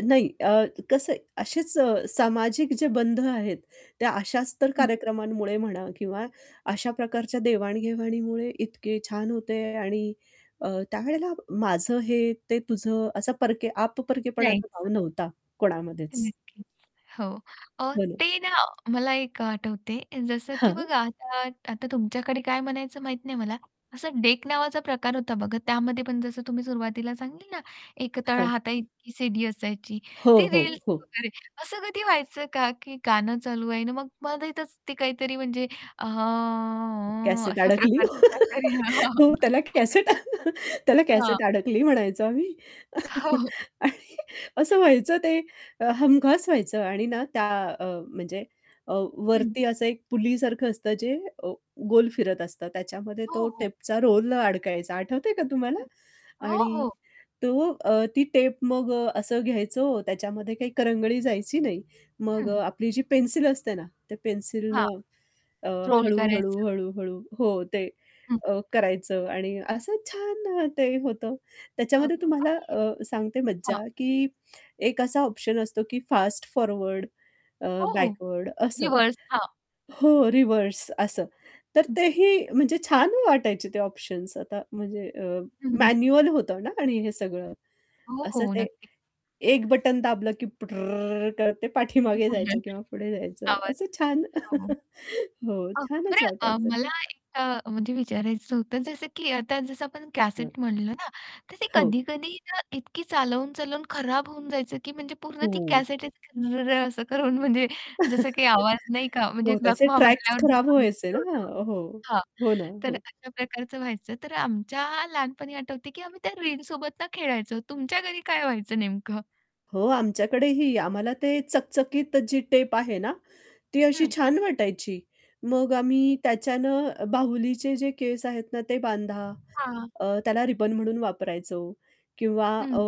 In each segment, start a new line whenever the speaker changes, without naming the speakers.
नाही. अ, कसं आहे, असेच अ, सामाजिक जे बंध आहेत, त्या अशाच तर
हं.
कार्यक्रमांमुळे म्हणा किंवा अशा प्रकारच्या देवाण-घेवाणीमुळे इतके छान होते आणि अ, त्यावेळेला माझं हे, ते तुझं, असा परके
नाही.
आप-परकेपणाचा
[unintelligible]
भाव नव्हता कोणामध्येच.
नक्कीच. हो. अ,
हो ना.
ते ना मला एक आठवते. जसं की
हं.
बघा आता आता तुमच्याकडे काय म्हणायचं माहीत नाही मला. असं डेक नावाचा प्रकार होता बघा त्यामध्ये पण जसं तुम्ही सुरुवातीला सांगितल ना एक
हां.
तळहाताइतकी सीडी असायची
हो,
ते
हो,
रील्स
हो.
वगैरे असं कधी व्हायचं का की गाणं चालू आहे ना मग मध्ये इथेच ते काहीतरी म्हणजे
कॅसेट
अशा
अडकली.
प्रकारचं काहीतरी.
हो त्याला कॅसेट त्याला
हां.
"कॅसेट अडकली!" म्हणायचो आम्ही.
हो. हो, हो.
आणि असं व्हायचं ते अ, हमखास व्हायचं आणि ना त्या अ, म्हणजे अ,
हं.
वरती असं एक पुलीसारखं असतं जे अ, गोल फिरत असतं. त्याच्यामध्ये
हो,
तो
हो.
टेपचा रोल अडकायचा, आठवतंय का तुम्हाला?
हं. हो.
आणि
हो.
तो अ, ती टेप मग अ, असं घ्यायचो, त्याच्यामध्ये काही करंगळी जायची नाही. मग अ,
हं.
आपली जी पेन्सिल असते ना त्या पेन्सिल न
हांं.
अ,
रोल
हळू-हळू,
करायचं.
हळू-हळू हो, ते
हं.
अ, करायचं आणि असं छान ते होतं.
हां,
त्याच्यामध्ये
हां.
तुम्हाला
आणि
अ, सांगते मज्जा
हां.
की एक असा ऑप्शन असतो की फास्ट फॉरवर्ड अ,
हो, हो.
बॅकवर्ड असं.
रिव्हर्स. हां.
हो रिव्हर्स असं. तर
हं.
तेही म्हणजे छान वाटायचे ते ऑप्शन्स. आता म्हणजे अ,
हं, हं.
मॅन्युअल होतं ना आणि हे सगळं.
हो,
असं
हो.
ते
नक्कीच.
एक बटन दाबलं की पटरर्रर्रर्र करत ते पाठीमागे जायचं किंवा पुढे
[unintelligible]
जायचं,
आवाज.
असं छान.
हो
हो
अगं अ,
छानच
बरं अ,
वाटायचं
मला
ते.
एक अ, म्हणजे विचारायचं होतं जसं की आता जसं आपण
हंं.
कॅसेट म्हटलं ना, तर ते
हो.
कधी-कधी ना इतकी चालवून-चालवून खराब होऊन जायचं की म्हणजे पूर्ण ती
हो.
कॅसेट असं रं-रं असं करून म्हणजे जसं काही आवाज नाही का म्हणजे
हो त्याचे
लखवा
ट्रॅक्स
मारल्यावर
खराब
जसा
व्हायचे
व्यक्ति
ना.
होतो
हो,
हां.
हो ना.
तर
हो.
अशा प्रकारचं व्हायचं तर आमच्या लहानपणी आठवतंय की आम्ही त्या रिंगसोबत ना खेळायचो. तुमच्या घरी काय व्हायचं नेमकं?
हो, आमच्याकडेही. आम्हाला ते चकचकीत जी टेप आहे ना, ती अशी
हं.
छान वाटायची. मग आम्ही त्याच्यानं बाहुलीचे जे केस आहेत ना ते बांधा.
हां.
अ, त्याला रिबन म्हणून वापरायचो किंवा अ,
हं.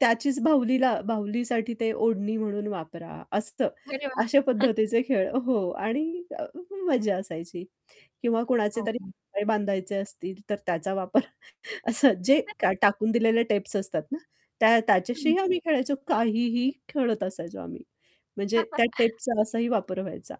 त्याचीच बाहुलीला बाहुलीसाठी ते ओढणी म्हणून वापरा असतं
अरे वाह!
अशा पद्धतीचे खेळ हो. आणि अ, मजा असायची किंवा कुणाचे
हो,
तरी
हो.
पाय बांधायचे असतील तर त्याचा वापर असं जे का
[unintelligible]
टाकून दिलेले टेप्स असतात ना त्या
हं.
त्याच्याशीही आम्ही खेळायचो. काहीही खेळत असायचो आम्ही. म्हणजे त्या टेप्सचा असाही वापर व्हायचा.